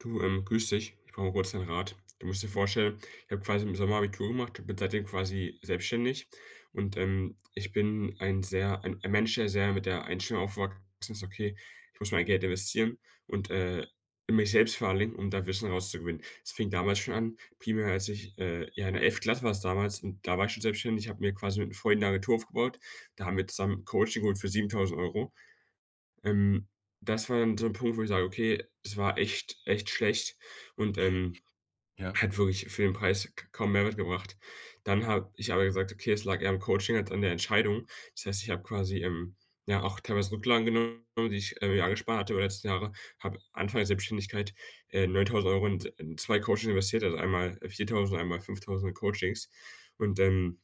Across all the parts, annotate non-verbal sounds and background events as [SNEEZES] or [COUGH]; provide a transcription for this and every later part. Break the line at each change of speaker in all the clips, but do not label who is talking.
Du, ähm, grüß dich. Ich brauche kurz 'nen Rat. Du musst dir vorstellen, ich habe quasi im Sommer Abitur gemacht und bin seitdem quasi selbstständig. Und, ähm, ich bin ein sehr ein ein Mensch, der sehr mit der Einstellung aufgewachsen ist: „Okay, ich muss mein Geld investieren und, äh, mich selbst [UNINTELLIGIBLE] um das Wissen rauszugewinnen.“ Es fing damals schon an, primär als ich, äh ja, in der 11. Klasse war es damals und da war ich schon selbstständig. Ich habe mir quasi mit'm Freund 'ne Agentur aufgebaut. Da haben wir zusammen Coaching geholt für 7.000€. Ähm, das war dann so 'n Punkt, wo ich sage, okay, es war echt, echt schlecht und, ähm,
[SNEEZES] Ja.
hat wirklich für den Preis k kaum Mehrwert gebracht. Dann habe ich aber gesagt: „Okay, es lag eher am Coaching als an der Entscheidung. Das heißt, ich habe quasi, ähm, ja, auch teilweise Rücklagen genommen, die ich, ähm, ja, gespart hatte über den letzten Jahre, habe Anfang der Selbständigkeit, äh, 9.000€ in s äh, 2 Coaching investiert, also einmal 4.000, einmal 5.000er Coachings und, ähm,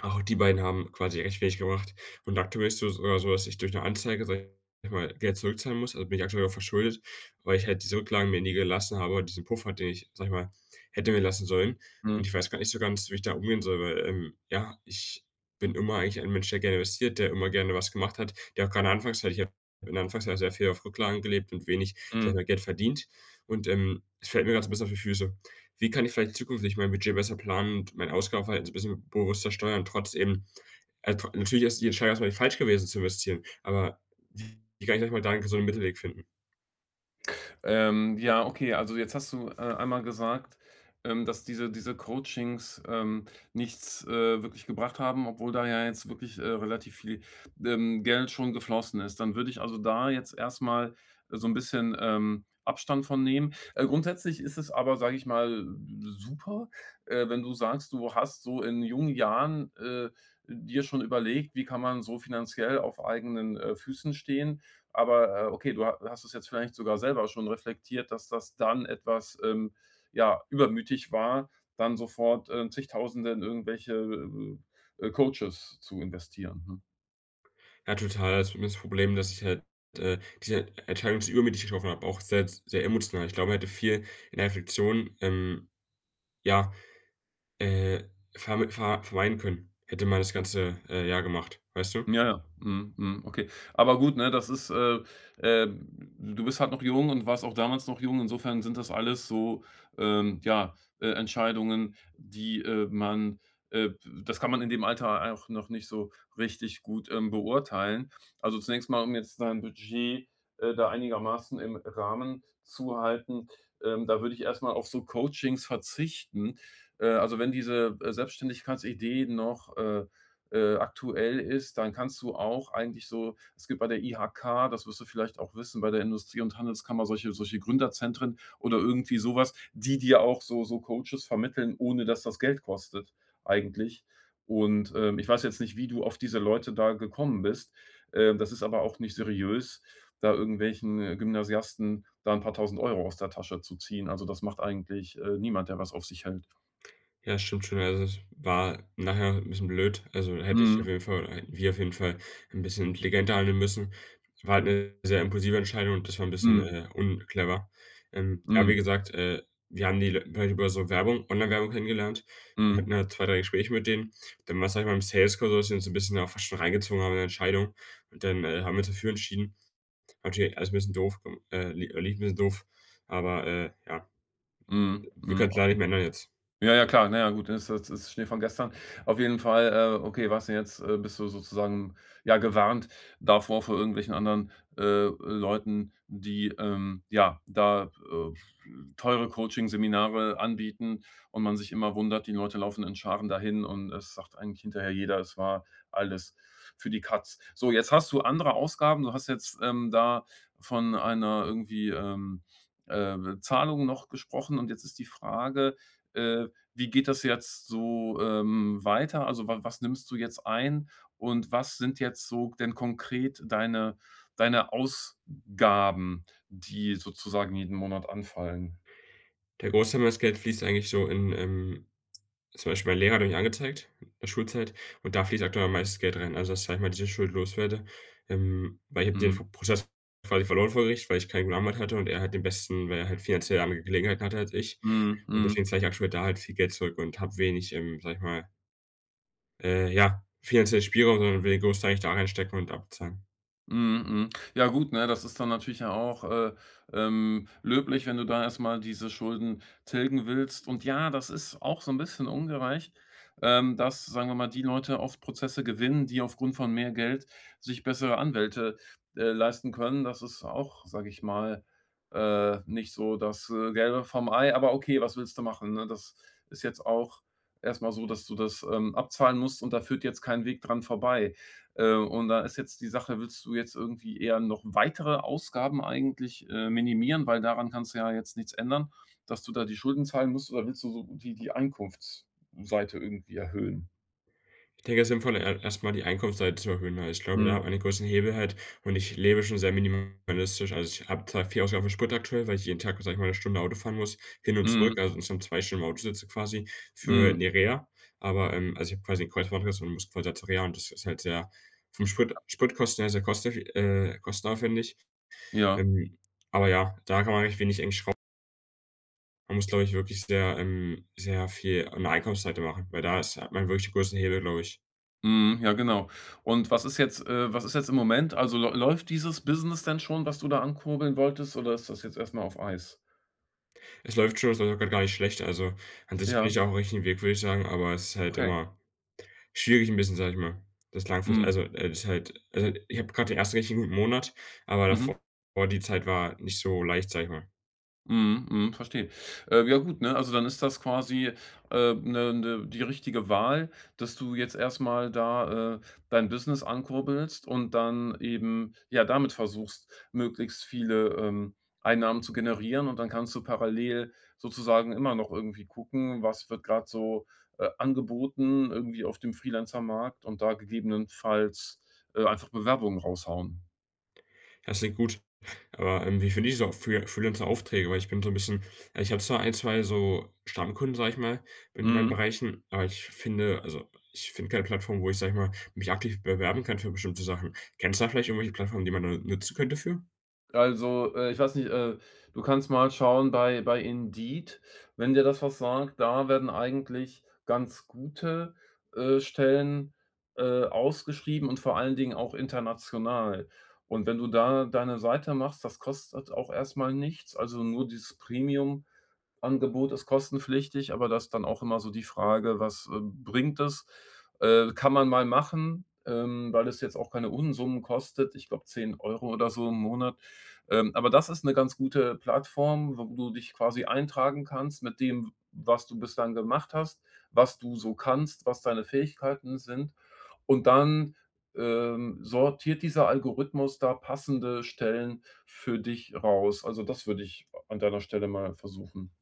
auch die beiden haben quasi recht wenig gebracht. Und aktuell ist so sogar so, dass ich durch 'ne Anzeige, sage ich mal, Geld zurückzahlen muss. Also bin ich aktuell auch verschuldet, weil ich halt diese Rücklagen mir nie gelassen habe, diesen Puffer, den ich, sage ich mal, hätte mir lassen sollen. Und
Mhm.
ich weiß grad nicht so ganz, wie ich damit umgehen soll, weil, ähm, ja, ich bin immer eigentlich ein Mensch, der gerne investiert, der immer gerne was gemacht hat, der auch gerade anfangs ich habe Anfangs sehr viel auf Rücklagen gelebt und wenig, sage ich
Mhm.
mal, Geld verdient. Und, ähm, es fällt mir grad so 'n bisschen auf die Füße. Wie kann ich vielleicht zukünftig mein Budget besser planen und mein Ausgabenverhalten so 'n bisschen bewusster steuern trotz eben, äh, tro natürlich ist die Entscheidung erstmal nicht falsch gewesen, zu investieren, aber wie kann ich da 'n gesunden Mittelweg finden?
Ähm, ja, okay. Also, jetzt hast du, äh, einmal gesagt, ähm, dass diese diese Coachings, ähm, nichts, äh, wirklich gebracht haben, obwohl da ja jetzt wirklich, äh, relativ viel, ähm, Geld schon geflossen ist. Dann würde ich also da jetzt erstmal so 'n bisschen, ähm, Abstand von nehmen. Äh, grundsätzlich ist es aber, sage ich mal, super, äh, wenn du sagst, du hast so in jungen Jahren, äh, dir schon überlegt: Wie kann man so finanziell auf eigenen, äh, Füßen stehen. Aber, äh, okay, du ha hast es jetzt vielleicht sogar selber schon reflektiert, dass das dann etwas, ähm, ja, übermütig war, dann sofort, äh, Zigtausende in irgendwelche, äh, äh, Coaches zu investieren, ne?
Ja, total, also, bei mir ist das Problem, dass ich halt, äh, diese Entscheidung sehr übermütig getroffen habe, auch sehr s sehr emotional. Ich glaube, man hätte viel in der Reflektion, ähm, ja, äh, verm ver vermeiden können, hätte man das
Mhm.
ganze, äh, Jahr gemacht, weißt du?
Ja, ja. Mhm. Mhm. Okay, aber gut, ne, das ist, äh, äh d du bist halt noch jung und warst auch damals noch jung. Insofern sind das alles so, ähm, ja, äh, Entscheidungen, die, äh, man, äh d das kann man in dem Alter auch noch nicht so richtig gut, ähm, beurteilen. Also, zunächst mal, um jetzt dein Budget, äh, da einigermaßen im Rahmen zu halten. Ähm, da würde ich erstmal auf so Coachings verzichten. Äh, also, wenn diese, äh, Selbstständigkeitsidee noch, äh, äh, aktuell ist, dann kannst du auch eigentlich so es gibt bei der IHK, das wirst du vielleicht auch wissen, bei der Industrie und Handelskammer solche solche Gründerzentren oder irgendwie sowas, die dir auch so so Coaches vermitteln, ohne dass das Geld kostet. Eigentlich. Und, ähm, ich weiß jetzt nicht, wie du auf diese Leute da gekommen bist. Äh, das ist aber auch nicht seriös, da irgendwelchen Gymnasiasten da 'n paar 1.000 € aus der Tasche zu ziehen. Also, das macht eigentlich, äh, niemand, der was auf sich hält.
Ja, stimmt schon. Also, es war nachher 'n bisschen blöd. Also, hätte ich auf
Mhm.
jeden Fall hätten wir auf jeden Fall 'n bisschen intelligenter handeln müssen. War halt 'ne sehr impulsive Entscheidung und das war 'n bisschen,
Mhm.
äh, unclever. Ähm, aber,
Mhm.
wie gesagt, äh, wir haben die wir haben die über so Werbung Online-Werbung kennengelernt. Wir
Mhm.
hatten halt 2, 3 Gespräche mit denen. Dann war, sage ich mal im Sales-Call, da haben sie uns 'n bisschen auch fast schon reingezogen haben in der Entscheidung. Und dann, äh, haben wir uns dafür entschieden. Natürlich alles 'n bisschen doof, äh, äh, äh, [UNINTELLIGIBLE] 'n bisschen doof, aber, äh, ja.
Mhm,
Wir
mhm.
können's leider nicht
Okay.
mehr ändern jetzt.
Ja, ja, klar. Na ja, gut, ist das ist Schnee von gestern. Auf jeden Fall, äh, okay, warst du jetzt äh, bist du sozusagen ja gewarnt davor, vor irgendwelchen anderen, äh, Leuten, die, ähm, ja, da, äh, teure Coaching-Seminare anbieten und man sich immer wundert, die Leute laufen in Scharen dahin. Und es sagt eigentlich hinterher jeder, es war alles für die Katz. So, jetzt hast du andere Ausgaben. Du hast jetzt, ähm, da von einer irgendwie, ähm, äh, Zahlung noch gesprochen. Und jetzt ist die Frage, äh, wie geht das jetzt so, ähm, weiter? Also, wa was nimmst du jetzt ein? Und was sind jetzt so denn konkret deine deine Ausgaben, die sozusagen jeden Monat anfallen?
Der Großteil meines Geldes fließt eigentlich so in, ähm zum Beispiel mein Lehrer hatte mich angezeigt, in der Schulzeit. Und da fließt aktuell am meisten Geld rein. Also, dass, sage ich mal, diese Schuld los werde. Ähm, weil ich habe den
Mhm.
Fo Prozess-Fall quasi verloren vor Gericht, weil ich keinen guten Anwalt hatte und er hat den besten, weil er halt finanziell andere Gelegenheiten hatte als ich.
Mhm,
Und
mhm.
deswegen zahle ich aktuell da halt viel Geld zurück und habe wenig, ähm, sage ich mal Äh, ja, finanziellen Spielraum und irgendwie grossteilig da reinstecken und abzahlen.
Mhm, mhm. Ja, gut, ne, das ist dann natürlich auch, äh, ähm, löblich, wenn du da erstmal diese Schulden tilgen willst. Und ja, das ist auch so 'n bisschen ungerecht, ähm, dass, sagen wir mal, die Leute oft Prozesse gewinnen, die aufgrund von mehr Geld sich bessere Anwälte, äh, leisten können. Das ist auch, sage ich mal, äh, nicht so das, äh, Gelbe vom Ei. Aber okay, was willst du machen, ne? Das ist jetzt auch erstmal so, dass du das, ähm, abzahlen musst und da führt jetzt kein Weg dran vorbei. Äh, und da ist jetzt die Sache: Willst du jetzt irgendwie eher noch weitere Ausgaben eigentlich, äh, minimieren? Weil daran kannst du ja jetzt nichts ändern, dass du da die Schulden zahlen musst. Oder willst du so die die Einkunftsseite irgendwie erhöhen?
Ich denke, es ist sinnvoll, e erstmal die Einkunftsseite zu erhöhen, ne? Ich glaube, da wenn
Mhm.
man einen großen Hebel hält und ich lebe schon sehr minimalistisch. Also, ich habe zwar viel Ausgaben für Sprit aktuell, weil ich jeden Tag, sage ich mal, 'ne Stunde Auto fahren muss, hin und
Mhm.
zurück, also, insgesamt 2 Stunden im Auto sitze quasi für
Mhm.
'ne Reha, aber, ähm, also, ich habe quasi ein Kreuzbandriss und muss quasi zur Reha und das ist halt sehr vom Sprit
Ja.
Spritkosten sehr kosteffi äh, kostenaufwendig.
Ja.
Ähm, aber ja, da kann man recht wenig eigentlich schraub Man muss, glaube ich, wirklich sehr, ähm sehr viel an der Einkaufsseite machen, weil da ist hat man wirklich den größten Hebel, glaube ich.
Mhm, ja, genau. Und was ist jetzt, äh was ist jetzt im Moment, also läu läuft dieses Business denn schon, was du da ankurbeln wolltest, oder ist das jetzt erst mal auf Eis?
Es läuft schon, es läuft auch gerade gar nicht schlecht. Also, an sich bin
Ja.
ich auf dem richtigen Weg, würde ich sagen, aber es ist halt
Okay.
immer schwierig 'n bisschen, sage ich mal, das langfristig
Mhm.
also, äh, das ist halt also, ich habe gerade den ersten richtig guten Monat, aber
Mhm.
davor die Zeit war nicht so leicht, sage ich mal.
Mhm, mhm, verstehe. Äh, ja, gut, ne, also, dann ist das quasi, äh, ne ne die richtige Wahl, dass du jetzt erst mal da, äh, dein Business ankurbelst und dann eben, ja, damit versuchst, möglichst viele, ähm, Einnahmen zu generieren. Und dann kannst du parallel sozusagen immer noch irgendwie gucken: Was wird gerade so, äh, angeboten, irgendwie auf dem Freelancer-Markt und da gegebenenfalls, äh, einfach Bewerbungen raushauen.
Ja, das klingt gut. Aber, ähm, wie finde ich so Free äh, Freelancer-Aufträge? Weil ich bin so 'n bisschen, äh ich habe zwar 1, 2 so Stammkunden, sage ich mal, in meinen
Mhm.
Bereichen, aber ich f finde also, ich finde keine Plattform, wo ich sage ich mal, mich aktiv bewerben kann für bestimmte Sachen. Kennst du da vielleicht irgendwelche Plattformen, die man da nutzen könnte für?
Also, äh, ich weiß nicht, äh, du kannst mal schauen bei bei Indeed, wenn dir das was sagt. Da werden eigentlich ganz gute, äh, Stellen, äh, ausgeschrieben und vor allen Dingen auch international. Und wenn du da deine Seite machst, das kostet auch erstmal nichts. Also, nur dieses Premium-Angebot ist kostenpflichtig. Aber das ist dann auch immer so die Frage: Was, äh, bringt das, äh, kann man mal machen, ähm, weil es jetzt auch keine Unsummen kostet. Ich glaube 10 € oder so im Monat. Ähm, aber das ist 'ne ganz gute Plattform, wo du dich quasi eintragen kannst mit dem, w was du bislang gemacht hast, was du so kannst, was deine Fähigkeiten sind. Und dann, ähm, sortiert dieser Algorithmus da passende Stellen für dich raus. Also, das würde ich an deiner Stelle mal versuchen.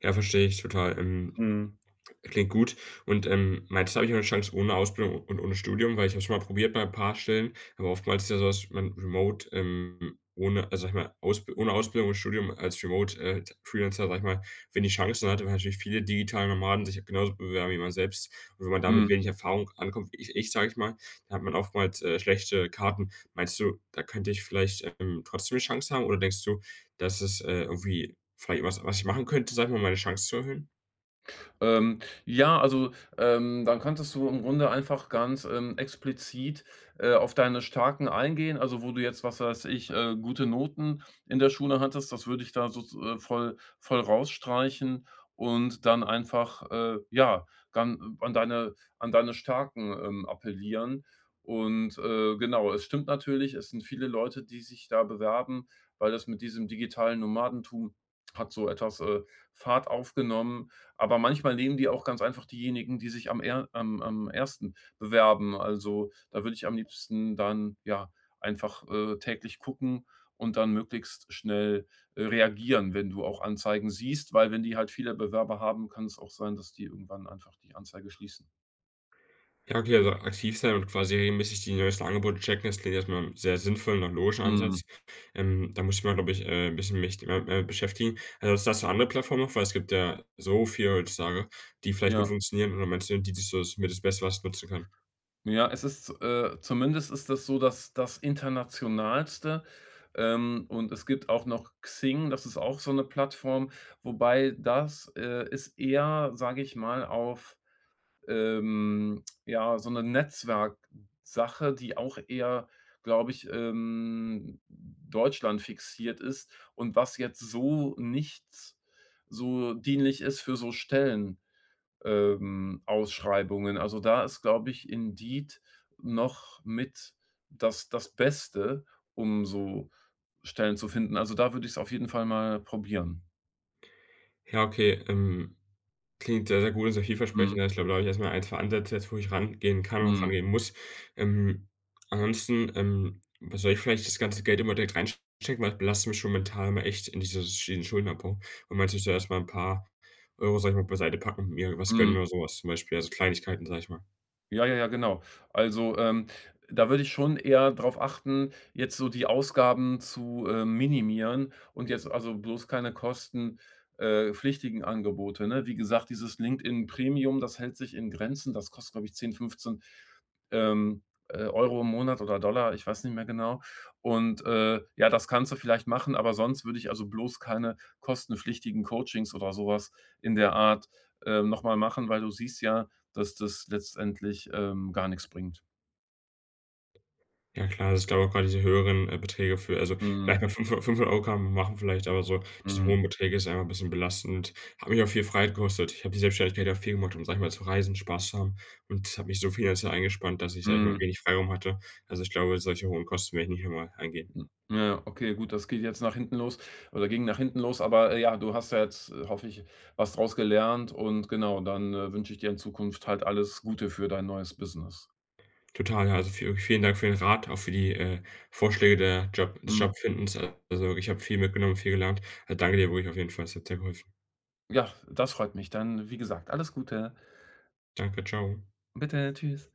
Ja, verstehe ich total. Ähm,
Mhm.
klingt gut. Und, ähm, meinst habe ich 'ne Chance ohne Ausbildung und ohne Studium, weil ich habe es schon mal probiert bei 'n paar Stellen, aber oftmals ist ja so, dass man Remote, ähm, ohne, also sage ich mal, Ausb ohne Ausbildung und Studium als Remote, äh, Freelancer, sage ich mal, wenig Chancen hat, weil natürlich viele digitale Nomaden sich genauso bewerben, wie man selbst. Und wenn man da mit
Mhm.
wenig Erfahrung ankommt, wie i ich sage ich mal, da hat man oftmals, äh, schlechte Karten. Meinst du, da könnte ich vielleicht, ähm, trotzdem 'ne Chance haben, oder denkst du, dass es, äh, irgendwie vielleicht was was ich machen könnte, sage ich mal, um meine Chance zu erhöhen?
Ähm, ja also, ähm, dann könntest du im Grunde einfach ganz, ähm, explizit, äh, auf deine Starken eingehen. Also, wo du jetzt, was weiß ich, äh, gute Noten in der Schule hattest. Das würde ich da sozu äh, voll voll rausstreichen. Und dann einfach, äh, ja, dann an deine an deine Starken, ähm, appellieren. Und, äh, genau. Es stimmt natürlich, es sind viele Leute, die sich da bewerben, weil das mit diesem digitalen Nomadentum hat so etwas, äh, Fahrt aufgenommen. Aber manchmal nehmen die auch ganz einfach diejenigen, die sich am eher am am ersten bewerben. Also, da würde ich am liebsten dann ja einfach, äh, täglich gucken und dann möglichst schnell, äh, reagieren, wenn du auch Anzeigen siehst, weil wenn die halt viele Bewerber haben, kann es auch sein, dass die irgendwann einfach die Anzeige schließen.
Ja, okay, also, aktiv sein und quasi regelmäßig die neuesten Angebote checken, das klingt jetzt erstmal sehr sinnvollen und nach logischen
Mhm.
Ansatz. Ähm, da muss ich mal glaube ich, äh, 'n bisschen mich, äh äh, beschäftigen. Also, hast du andere Plattformen noch, weil es gibt ja so viele heutzutage, die vielleicht gut
Ja.
funktionieren und meinst du die da das mit das Beste was nutzen kann.
Ja, es ist, äh zumindest ist das so, dass das Internationalste, ähm, und es gibt auch noch Xing. Das ist auch so 'ne Plattform. Wobei das, äh, ist eher, sage ich mal auf, ähm, ja, so 'ne Netzwerksache, die auch eher, glaube ich, ähm, deutschlandfixiert ist und was jetzt so nichts so dienlich ist für so Stellen ähm, Ausschreibungen. Also, da ist, glaube ich, Indeed noch mit das das Beste, um so Stellen zu finden. Also, da würde ich es auf jeden Fall mal probieren.
Ja, okay, ähm, klingt sehr, sehr gut und sehr vielversprechend.
Mhm.
Ja, ich glaube, da habe ich erstmal 1 2 Ansätze jetzt, wo ich rangehen kann und auch
Mhm.
rangehen muss. Ähm, ansonsten, ähm, wa soll ich vielleicht das ganze Geld immer direkt rein stecken, weil das belastet mich schon mental immer echt in dieses Sch in diesen Schuldenabbau. Und meinst du, ich soll erstmal 'n paar Euro, sage ich mal, beiseite packen und mir was gönnen
Mhm.
oder sowas zum Beispiel, also, Kleinigkeiten, sage ich mal?
Ja, ja, ja, genau. Also, ähm, da würde ich schon eher darauf achten, jetzt so die Ausgaben zu, äh, minimieren. Und jetzt, also, bloß keine kosten äh, pflichtigen Angebote, ne? Wie gesagt, dieses LinkedIn-Premium, das hält sich in Grenzen. Das kostet, glaube ich 10, 15, ähm, äh, Euro im Monat oder Dollar, ich weiß nicht mehr genau. Und, äh, ja, das kannst du vielleicht machen, aber sonst würde ich, also, bloß keine kostenpflichtigen Coachings oder sowas in der Art, ähm, nochmal machen. Weil du siehst ja, dass das letztendlich, ähm, gar nix bringt.
Ja klar. Das ist glaube auch gerade diese höheren, äh, Beträge für also, vielleicht mal
Mhm.
500 500 € kann man mal machen vielleicht aber so diese
Mhm.
hohen Beträge ist einfach 'n bisschen belastend. Hat mich auch viel Freiheit gekostet. Ich habe die Selbstständigkeit ja auch viel gemacht, um sage ich mal, zu reisen, Spaß zu haben. Und das hat mich so finanziell eingespannt, dass ich, sage ich mal,
Mhm.
wenig Freiraum hatte. Also, ich glaube, solche hohen Kosten werde ich nicht nochmal eingehen.
Hm, ja, okay, gut. Das geht jetzt nach hinten los, oder ging nach hinten los. Aber, äh, ja, du hast ja jetzt, äh, hoffe ich, was draus gelernt. Und, genau, dann, äh, wünsche ich dir in Zukunft halt alles Gute für dein neues Business.
Total, ja, also, viel vielen Dank für den Rat, auch für die, äh, Vorschläge der Job des
Mhm.
Jobfindens. Äh, also, ich habe viel mitgenommen, viel gelernt. Äh, danke dir wirklich auf jeden Fall. Es hat sehr geholfen.
Ja, das freut mich, dann, wie gesagt, alles Gute.
Danke, tschau.
Bitte, tschüss.